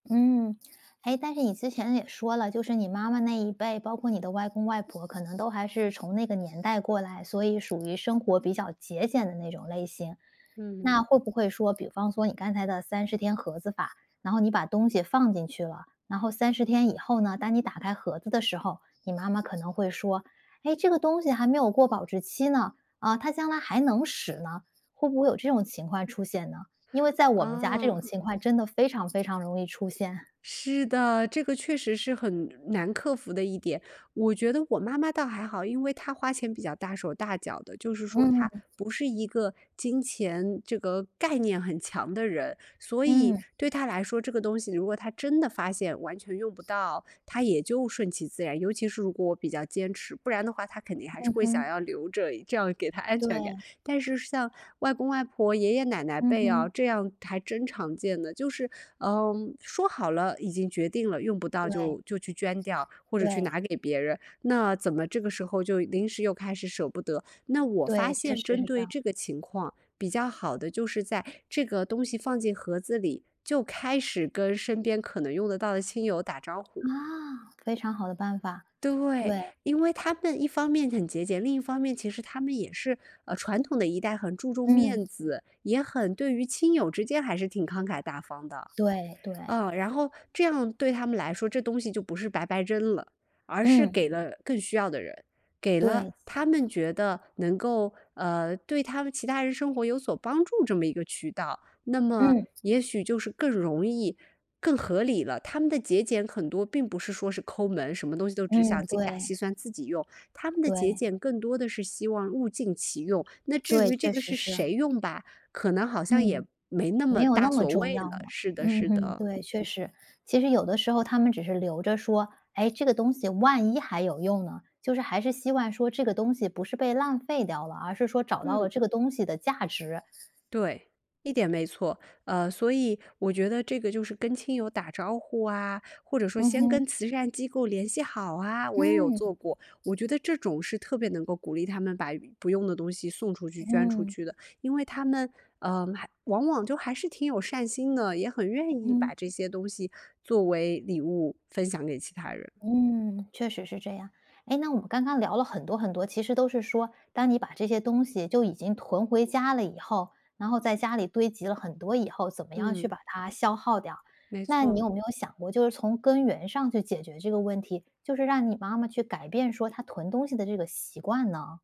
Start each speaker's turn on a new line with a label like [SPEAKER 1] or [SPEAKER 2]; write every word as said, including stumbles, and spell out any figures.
[SPEAKER 1] 嗯，诶，但是你之前也说了，就是你妈妈那一辈，包括你的外公外婆，可能都还是从那个年代过来，所以属于生活比较节俭的那种类型。
[SPEAKER 2] 嗯。
[SPEAKER 1] 那会不会说比方说你刚才的三十天盒子法，然后你把东西放进去了，然后三十天以后呢，当你打开盒子的时候，你妈妈可能会说：“诶，这个东西还没有过保质期呢，啊，它将来还能使呢。”会不会有这种情况出现呢？因为在我们家这
[SPEAKER 2] 啊。
[SPEAKER 1] 种情况真的非常非常容易出现。
[SPEAKER 2] 是的，这个确实是很难克服的一点，我觉得我妈妈倒还好，因为她花钱比较大手大脚的，就是说她
[SPEAKER 1] 嗯。
[SPEAKER 2] 不是一个金钱这个概念很强的人，所以
[SPEAKER 1] 嗯。
[SPEAKER 2] 对她来说，这个东西如果她真的发现完全用不到，她也就顺其自然。尤其是如果我比较坚持，不然的话她肯定还是
[SPEAKER 1] 嗯
[SPEAKER 2] 会想
[SPEAKER 1] 哼。
[SPEAKER 2] 要留着，这样给她安全感。
[SPEAKER 1] 对。
[SPEAKER 2] 但是像外公外婆、爷爷奶奶
[SPEAKER 1] 嗯
[SPEAKER 2] 辈啊，
[SPEAKER 1] 哼。
[SPEAKER 2] 这样还真常见的，就是，嗯，说好了已经决定了，用不到
[SPEAKER 1] 对。
[SPEAKER 2] 就就去捐掉，或者去
[SPEAKER 1] 对。
[SPEAKER 2] 拿给别人，那怎么这个时候就临时又开始舍不得，那我发
[SPEAKER 1] 对，确
[SPEAKER 2] 现
[SPEAKER 1] 实
[SPEAKER 2] 针
[SPEAKER 1] 是这
[SPEAKER 2] 对
[SPEAKER 1] 样。
[SPEAKER 2] 这个情况，比较好的就是在这个东西放进盒子里，就开始跟身边可能用得到的亲友打招呼。
[SPEAKER 1] 啊，非常好的办法，
[SPEAKER 2] 对，
[SPEAKER 1] 对。
[SPEAKER 2] 因为他们一方面很节俭，另一方面其实他们也是呃，传统的一代很注重
[SPEAKER 1] 嗯。
[SPEAKER 2] 面子，也很对于亲友之间还是挺慷慨大方的，
[SPEAKER 1] 对，对。
[SPEAKER 2] 嗯，然后这样对他们来说这东西就不是白白扔了，而是
[SPEAKER 1] 嗯。
[SPEAKER 2] 给了更需要的人，给了
[SPEAKER 1] 对。
[SPEAKER 2] 他们觉得能够，呃，对他们其他人生活有所帮助这么一个渠道，那么
[SPEAKER 1] 嗯。
[SPEAKER 2] 也许就是更容易、更合理了。他们的节俭很多并不是说是抠门，什么东西都只
[SPEAKER 1] 嗯，
[SPEAKER 2] 想精打
[SPEAKER 1] 对。
[SPEAKER 2] 细算自己用，他们的节
[SPEAKER 1] 对。
[SPEAKER 2] 俭更多的是希望物尽其用，那至
[SPEAKER 1] 对，
[SPEAKER 2] 于这
[SPEAKER 1] 确
[SPEAKER 2] 个
[SPEAKER 1] 实
[SPEAKER 2] 是
[SPEAKER 1] 是。
[SPEAKER 2] 谁用吧，可能好像也
[SPEAKER 1] 嗯，
[SPEAKER 2] 没那
[SPEAKER 1] 没
[SPEAKER 2] 么
[SPEAKER 1] 有
[SPEAKER 2] 大
[SPEAKER 1] 那么
[SPEAKER 2] 所
[SPEAKER 1] 重
[SPEAKER 2] 谓
[SPEAKER 1] 要
[SPEAKER 2] 了，
[SPEAKER 1] 了，
[SPEAKER 2] 是的，
[SPEAKER 1] 嗯
[SPEAKER 2] 是
[SPEAKER 1] 哼，
[SPEAKER 2] 的。
[SPEAKER 1] 对，确
[SPEAKER 2] 嗯。
[SPEAKER 1] 实。其实有的时候他们只是留着说，诶，这个东西万一还有用呢，就是还是希望说这个东西不是被浪费掉了，而是说找到了
[SPEAKER 2] 嗯。
[SPEAKER 1] 这个东西的价值。
[SPEAKER 2] 对，一点没错，呃，所以我觉得这个就是跟亲友打招呼啊，或者说
[SPEAKER 1] 嗯
[SPEAKER 2] 先
[SPEAKER 1] 哼。
[SPEAKER 2] 跟慈善机构联系好啊，我也有
[SPEAKER 1] 嗯。
[SPEAKER 2] 做过。我觉得这种是特别能够鼓励他们把不用的东西送出去、捐出
[SPEAKER 1] 嗯。
[SPEAKER 2] 去的，因为他们呃，还往往就还是挺有善心的，也很愿意
[SPEAKER 1] 嗯。
[SPEAKER 2] 把这些东西作为礼物分享给其他人。
[SPEAKER 1] 嗯，确实是这样，诶，那我们刚刚聊了很多很多，其实都是说当你把这些东西就已经囤回家了以后，然后在家里堆积了很多以后，怎么样去
[SPEAKER 2] 嗯。
[SPEAKER 1] 把它消耗掉。
[SPEAKER 2] 没
[SPEAKER 1] 那你
[SPEAKER 2] 错。
[SPEAKER 1] 有没有想过，就是从根源上去解决这个问题，就是让你妈妈去改变说她囤东西的这个习惯呢？